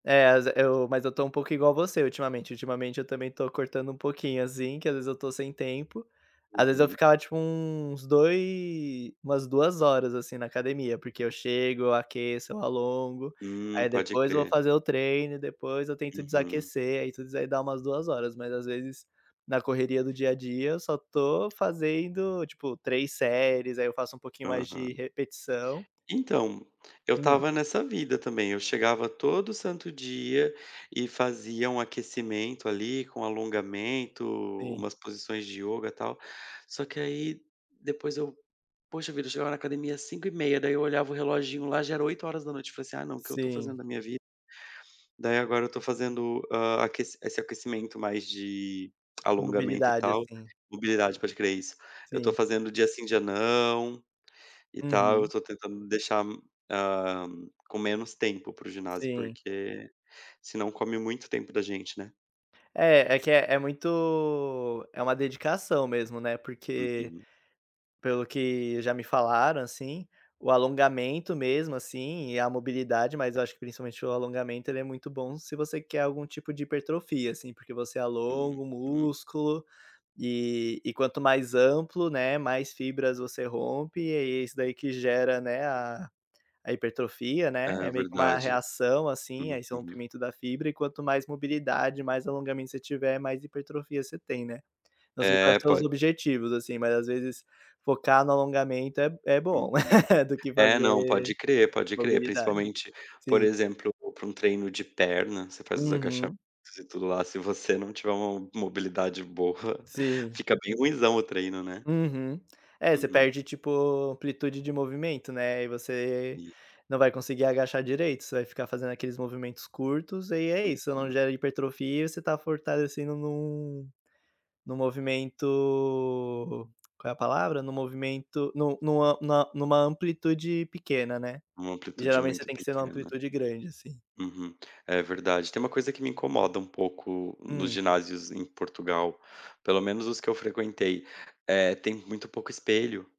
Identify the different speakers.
Speaker 1: É as eu mas eu estou um pouco igual você ultimamente, ultimamente eu também estou cortando um pouquinho, assim, que às vezes eu estou sem tempo, às vezes eu
Speaker 2: Uhum.
Speaker 1: ficava tipo uns doi umas 2 horas, assim, na academia, porque eu chego, eu aqueço, eu alongo,
Speaker 2: Hum,
Speaker 1: aí
Speaker 2: pode
Speaker 1: depois vou
Speaker 2: crer.
Speaker 1: fazer o treino e depois eu tento
Speaker 2: Uhum.
Speaker 1: desaquecer, aí tudo isso aí dá umas 2 horas, mas às vezes, na correria do dia a dia eu só estou fazendo, tipo, 3 séries, aí eu faço um pouquinho mais de
Speaker 2: Aham.
Speaker 1: repetição
Speaker 2: Então, eu
Speaker 1: Hum.
Speaker 2: estava nessa vida também, eu chegava todo santo dia e fazia um aquecimento ali com alongamento,
Speaker 1: Sim.
Speaker 2: umas posições de ioga tal, só que aí depois eu poxa vida eu chegava na academia 17:30 daí eu olhava o reloginho lá já era 20:00, eu falei assim: "Ah não o que eu estou
Speaker 1: Sim.
Speaker 2: fazendo da minha vi" Daí agora eu estou fazendo, hã, aquec esse aquecimento mais de alongamento e
Speaker 1: Mobilidade
Speaker 2: tal,
Speaker 1: assim.
Speaker 2: mobilidade, pode crer, é isso. Eu estou
Speaker 1: Sim.
Speaker 2: fazendo dia sim, dia não e tal, eu
Speaker 1: Uhum.
Speaker 2: estou tentando deixar, ah, com menos tempo para o ginásio,
Speaker 1: Sim.
Speaker 2: porque senão come muito tempo da gente, né.
Speaker 1: É, é que é é muito é uma dedicação mesmo, né, porque,
Speaker 2: Uhum.
Speaker 1: pelo que já me falaram, assim, o alongamento mesmo assim e a mobilidade mas eu acho que principalmente o alongamento, ele é muito bom se você quer algum tipo de hipertrofia, assim, porque você alonga o
Speaker 2: Uhum.
Speaker 1: músculo, e e quanto mais amplo, né, mais fibras você rompe, e aí é isso daí que gera, né, a a hipertrofia, né,
Speaker 2: É
Speaker 1: é meio que uma
Speaker 2: verdade.
Speaker 1: reação, assim, a esse
Speaker 2: Uhum.
Speaker 1: rompimento da fibra e quanto mais mobilidade, mais alongamento você tiver, mais hipertrofia você tem, né. Não sei quais
Speaker 2: É
Speaker 1: são os
Speaker 2: po
Speaker 1: objetivos, assim, mas às vezes focar no alongamento é é bom,
Speaker 2: Uhum.
Speaker 1: do que
Speaker 2: É,
Speaker 1: fazer
Speaker 2: não, pode crer, pode crer,
Speaker 1: mobilidade.
Speaker 2: principalmente, por
Speaker 1: Sim.
Speaker 2: exemplo, para um treino de perna, você faz os agachamentos
Speaker 1: Uhum.
Speaker 2: e tudo lá, se você não tiver uma mobilidade boa,
Speaker 1: Sim.
Speaker 2: fica bem ruinzão o treino, né.
Speaker 1: Uhum. É você
Speaker 2: Uhum.
Speaker 1: perde tipo amplitude de movimento, né, e você
Speaker 2: Sim.
Speaker 1: não vai conseguir agachar direito, você vai ficar fazendo aqueles movimentos curtos e é isso, não
Speaker 2: Uhum.
Speaker 1: gera hipertrofia e você tá fortalecido num-num movimento, qual é a palavra? Num movimento, no no a na numa amplitude pequena, né,
Speaker 2: Uma amplitude
Speaker 1: geralmente você
Speaker 2: muito
Speaker 1: tem que ser numa
Speaker 2: pequena.
Speaker 1: amplitude grande, assim.
Speaker 2: Uhum. É verdade. Tem uma coisa que me incomoda um pouco nos
Speaker 1: Hum.
Speaker 2: ginásios em Portugal, pelo menos os que eu frequentei, eh, tem muito pouco espelho.